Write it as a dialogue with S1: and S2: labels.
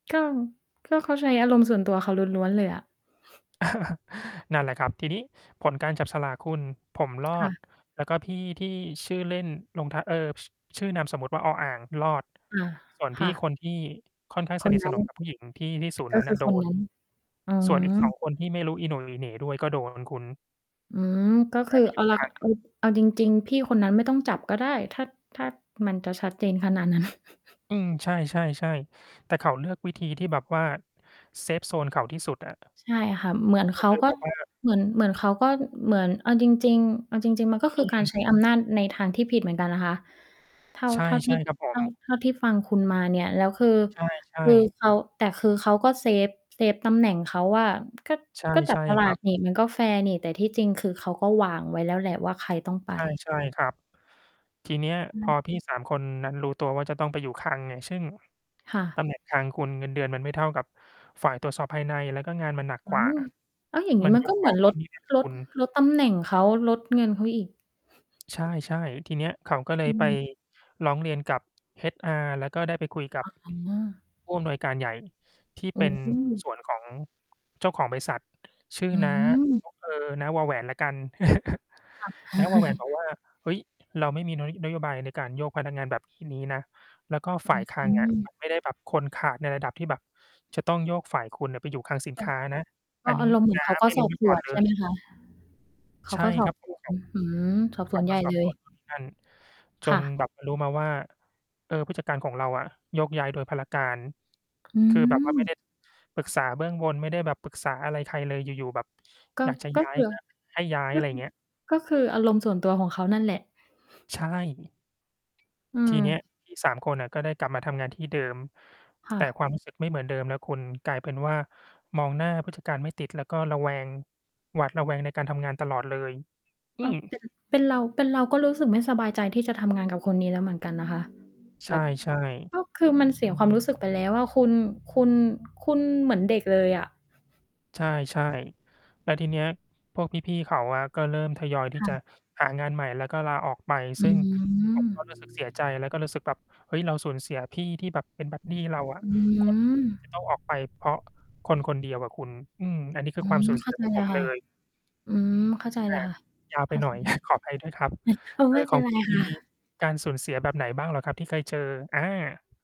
S1: ก็ ก็เขาใช้อารมณ์ส่วนตัวเขาล้วน ๆ เลยอะ
S2: นั่นแหละครับ ทีนี้ผลการจับฉลากคุณ ผมร
S1: ค
S2: อ
S1: ่
S2: ด
S1: ะ
S2: แล้วก็พี่ที่ชื่อเล่นลงทะ เอิ่บ ช ชื่อนามสมมุติว่า อออ่างรอด
S1: อา
S2: ส่วนพ
S1: ค
S2: ี่
S1: ่ะ
S2: คนที่ค่อนข้าง
S1: ค
S2: สน
S1: น
S2: ิท
S1: น
S2: ส
S1: ั้
S2: น
S1: น
S2: ม กับ ผู้หญิง ที่ ที่ศูนย์
S1: ก
S2: น
S1: ็
S2: ั้น
S1: คื
S2: น่ะ
S1: อ
S2: โด
S1: คน
S2: น
S1: นั้น อ๋อ
S2: ส่วน อีก 2 คน ที่ไม่รู้อี โหน่ อีเหน่ด้วย ก็ โดน คุณ
S1: อืม ก็
S2: ย
S1: ค
S2: ้
S1: ื
S2: า
S1: อ
S2: ยไปอ
S1: อ
S2: ยู
S1: อ
S2: ่
S1: เลา
S2: ค
S1: ะ
S2: ลัง
S1: เอ๊ย เอา เอาจริง ๆ พี่คนนั้นไม่ต้องจับก็ได้ ถ้า ถ้ามันจะชัดเจนขนาดนั้น
S2: อืม ใช่ ๆ ๆ แต่เขาเลือกวิธีที่แบบว่า เซฟโซน เขาที่สุดอะ
S1: ใช่ค่ะ เหมือนเ
S2: ก
S1: ข
S2: ็
S1: า
S2: คือ
S1: ก
S2: แ
S1: ็
S2: บบว่า
S1: เหมือน เหมือนเขาก็ เหมือน เอาจริง ๆ เอาจริง ๆ มันก็ค
S2: อ
S1: ือการ
S2: ืม
S1: ใช้ อำนาจ ในทางที่ผิดเหมือนกันนะคะ เท่า
S2: ใช่
S1: เท่าทีด
S2: ๆ ครับผ
S1: เท่า
S2: ม
S1: เท่าที่ฟังคุณมาเนี่ย แล้วคือ
S2: ใช่
S1: คือ
S2: ๆ
S1: เขา แต่คือเขาก็เซฟ เซฟตำแหน่งเขาว่า ก็
S2: ใช่
S1: ก็จ
S2: ใ
S1: ั
S2: ช
S1: บ
S2: ่
S1: ฉลา
S2: ครั
S1: ก
S2: บ
S1: นี่ มันก็แฟร์นี่ แต่ที่จริงคือเขาก็วางไว้แล้วแหละว่า ใครต้องไป
S2: ใช่ ใช่ครับ ทีเนี้ย
S1: ใช
S2: พอ
S1: ่
S2: พี่ 3 คนนั้นรู้ตัวว่า จะต้องไปอยู่คลังเนี่ย ซึ่ง
S1: ค่
S2: ต
S1: ะ
S2: ำ แหน่ง คลัง คุณ เงินเดือนมันไม่เท่ากับฝ่ายตรวจสอบภายใน แล้วก็งานมันหนัก
S1: อ้
S2: ก
S1: า
S2: ว่า
S1: ว แล้วอย่างง
S2: ม
S1: ี
S2: ั
S1: ้
S2: น
S1: มั
S2: ย
S1: นก
S2: ก
S1: ็ เห
S2: ข
S1: มื
S2: อ
S1: อน
S2: ง
S1: ล
S2: นู่น
S1: ด
S2: นี่นั่น
S1: ล
S2: ค
S1: ด
S2: ุณ
S1: ลดตำแหน่งเขา ลดเงินเขาอีก
S2: ใช่ ๆ ทีเนี้ย เขาก็เล
S1: อ
S2: ย
S1: ื
S2: ไป
S1: ม
S2: ร้องเรียนกับ HR แล้วก็ได้ไปคุยกับ
S1: อ๋อ
S2: ผู้ อำนวยการใหญ่ ที่
S1: โอ
S2: เป็น หุ้น
S1: ้
S2: ส่วนของ เจ้าของบริษัท ชื่อ
S1: อื
S2: น้า
S1: ม
S2: โอ้ เออ น้า วอแหวนแล้วกัน
S1: ค่ะ
S2: น้า วอแหวน บอกว่า "เฮ้ย เราไม่มีนุ้ย นโยบายในการโยกพนักงานแบบฮี่นี้นะ แล้วก็ฝ่ายคลั
S1: อื
S2: ง อะ
S1: ม
S2: มันไม่ได้แบบ คนขาดในระดับที่แบบจะต้องโยกฝ่าย คุณน่ะไปอยู่คลังสิน
S1: เอ
S2: ค
S1: อ
S2: ้า นะ
S1: ก
S2: อั
S1: ็
S2: น
S1: อ
S2: น
S1: า
S2: ี้
S1: รมณ์ เหมือ
S2: น้
S1: น
S2: า
S1: เขาก็
S2: ไม่
S1: ส
S2: รู
S1: อ
S2: ้
S1: บ
S2: มา
S1: ส
S2: ก่อ
S1: ว
S2: น
S1: น
S2: เล
S1: ใช่
S2: ย"
S1: ไหมคะ? เข
S2: ใ
S1: า
S2: ช่
S1: ก็ ส
S2: ค
S1: อ
S2: ร
S1: บ
S2: ับ ผ
S1: ส
S2: ม
S1: วน
S2: เขา
S1: อืม สอบ
S2: เ
S1: ส
S2: ข
S1: ว
S2: า
S1: นใ
S2: ก
S1: หญ
S2: ็
S1: ่
S2: สอ
S1: เล
S2: บสว
S1: ย
S2: นนู่นนี่นั่น จ
S1: ค่
S2: นแ
S1: ะ
S2: บบ เออ รู้มาว่า เออ ผู้จัดการของเราอะโยกย้ายโดยพลการ
S1: อื
S2: คือ แบบว่าไม่ได
S1: ม
S2: ้ ปรึกษาเบื้องบน ไม่ได้แบบปรึกษาอะไรใครเลย อยู่ ๆ แบบ
S1: ก็
S2: อยากจะ
S1: ก็
S2: ย้า
S1: เผ
S2: ย
S1: ื่อ
S2: ก็ ให้ย้าย
S1: ก
S2: อ
S1: ็
S2: ะไร
S1: คือ
S2: เงี้ย
S1: ก็คืออารมณ์ส่วนตัวของเขานั่นแหละ
S2: ใช่
S1: อื
S2: ที่เนี้ย
S1: ม
S2: พี่ 3 คนอะก็ได้กลับมาทำงานที่เดิม
S1: ค
S2: แ
S1: ่
S2: ต่
S1: ะ
S2: ความ รู้สึก ไม่เหมือนเดิมแล้วคุณ กลายเป็นว่า มองหน้าผู้จัดการไม่ติด แล้วก็ระแวง หวาดระแวงในการทำงานตลอดเลย อ
S1: เ
S2: ื
S1: ออ
S2: ม
S1: เป็น เป็นเรา เป็นเราก็รู้สึกไม่สบายใจที่จะทำงานกับคนนี้แล้วเหมือนกันนะ คะ
S2: ใช
S1: แบ
S2: ่
S1: บ
S2: ใช่
S1: ก็คือ มันเสียความรู้สึกไปแล้วอะ คุณ คุณ คุณเหมือนเด็กเลยอะ
S2: ใช่ ใช่ แล้วทีเนี้ย พวกพี่ ๆ เขาอะ ก็เริ่มทยอยที
S1: ค
S2: ่
S1: ่
S2: จ
S1: ะ
S2: ะหางานใหม่ แล้วก็ลาออกไป
S1: อ
S2: ซึ
S1: ื
S2: ่ง ผมก็รู้
S1: ม
S2: สึก เสียใจ แล้วก็รู้สึกแบบ เฮ้ย เราสูญเสียพี่ที่แบบเป็นบัดดีเรา อะ
S1: อือฮึ อื้อฮ
S2: ค
S1: ื
S2: นดี
S1: อ
S2: ๆ จะต้อง ออกไป เพราะคนคนเดียวอะคุณ อืม อันนี้คื
S1: อื
S2: อความ
S1: ม
S2: สูญ เ
S1: เ
S2: ส
S1: ข
S2: ี
S1: ้
S2: ย
S1: าใ
S2: ข
S1: จ
S2: อง
S1: เ
S2: ผ
S1: ลย
S2: มเ
S1: ค
S2: ล
S1: ่ะ
S2: ย
S1: อืม เข้าใจ
S2: อ
S1: เล
S2: ะ
S1: ย
S2: ฮะ
S1: ค่ะ
S2: ยาว
S1: เ
S2: ไ
S1: ข
S2: ป
S1: ้า
S2: ห
S1: ใ
S2: น
S1: จ
S2: ่อย ขออภัย ด้วยครับ
S1: เหอะ
S2: เอ
S1: ไม่
S2: อ
S1: เ
S2: ข
S1: ป็
S2: อ
S1: น
S2: ง
S1: ไร
S2: คุณม
S1: ค
S2: ี
S1: ่ะ
S2: การสูญเสียแบบไหนบ้างเหรอครับ ที่เคยเจอ? อา